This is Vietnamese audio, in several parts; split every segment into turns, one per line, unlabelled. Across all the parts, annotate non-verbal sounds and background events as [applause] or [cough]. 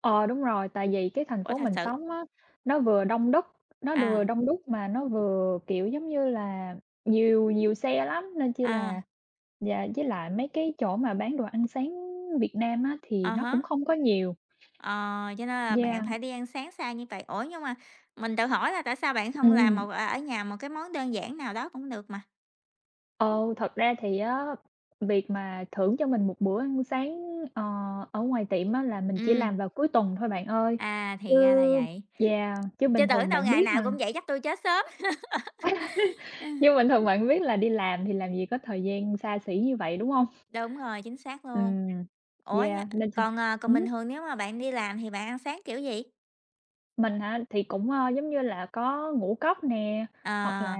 Ờ, đúng rồi, tại vì cái thành
Ủa,
phố
thật
mình
sự?
sống á, nó vừa đông đất, nó vừa
À.
đông đúc mà nó vừa, kiểu giống như là, nhiều nhiều xe lắm nên chi
À.
là yeah, với lại mấy cái chỗ mà bán đồ ăn sáng Việt Nam á thì
À
nó cũng
há.
không có nhiều.
Ờ, cho nên là
Yeah.
bạn phải đi ăn sáng xa như vậy. Ủa, nhưng mà mình tự hỏi là tại sao bạn không làm mà,
Ừm.
ờ, ở nhà một cái món đơn giản nào đó cũng được mà?
Ừ, thật ra thì á việc mà thưởng cho mình một bữa ăn sáng, ờ, ở ngoài tiệm á là mình chỉ
Ừm
làm vào cuối tuần thôi bạn ơi,
À,
chứ
thì ra là vậy.
yeah, chứ bình
Chứ tưởng
thường
đâu
bạn
ngày
biết
nào
mà.
cũng vậy, chắc tui chết sớm. [laughs] Ơ.
[laughs] Nhưng bình thường bạn biết là đi làm thì làm gì có thời gian xa xỉ như vậy, đúng hông?
Đúng rồi, chính xác luôn.
Ừm,
Ủa, như
yeah. Nên sinh
còn, ờ, còn
ừm
bình
hứm.
thường nếu mà bạn đi làm thì bạn ăn sáng kiểu gì?
Mình hả? Thì cũng, ơ, giống như là, có ngũ cốc nè, hoặc là
Ờ.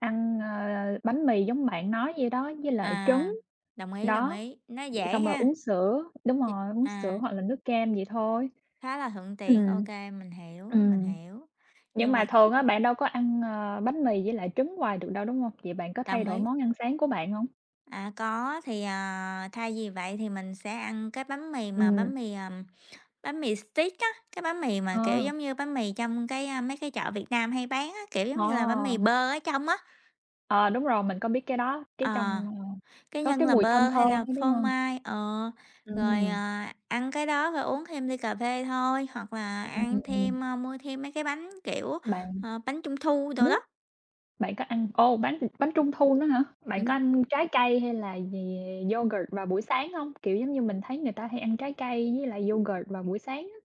ăn, ơ, bánh mì giống bạn nói vậy đó, với lại trứng,
À, đồng ý, đồng
đó,
ý, nó
vậy
dễ
xong rồi
ha.
uống sữa đúng
Ch
rồi, uống sữa
à.
hoặc là nước cam vậy thôi.
Khá là thuận tiện, ô
Ừm.
kê, mình hiểu, mình
Ừm.
hiểu,
Nhưng
nhưng
mà
mà
thường á bạn đâu có ăn, ờ, bánh mì với lại trứng hoài được đâu, đúng hông? Vậy bạn có thay
Đồng
đổi
ý.
món ăn sáng của bạn hông?
À, có, thì, à, thay vì vậy thì mình sẽ ăn cái bánh mì mà bánh
Ừm.
mì, ừm, bánh mì steak á, cái bánh mì mà kiểu
Ờ.
giống như bánh mì trong cái, à, mấy cái chợ Việt Nam hay bán á, kiểu giống như là bánh mì
Ờ.
bơ ở trong á.
Ờ, đúng rồi, mình có biết cái đó,
Ờ,
cái trong ờ,
cái
có
nhân
cái
là
mùi thơm
bơ hay
thơm
là
đó, đúng
phô
hông?
mai, ờ, rồi,
Ừm.
ờ, ăn cái đó phải uống thêm ly cà phê thôi, hoặc là ăn thêm,
[unintelligible]
ơ, mua thêm mấy cái bánh, kiểu,
Bạn
ờ, bánh trung thu
ừm
đồ
hứm.
đó.
Bạn có ăn ồ, bánh bánh trung thu nữa hả? Bạn có
Ừm.
ăn trái cây hay là gì yogurt vào buổi sáng hông? Kiểu giống như, mình thấy người ta hay ăn trái cây với lại yogurt vào buổi sáng á.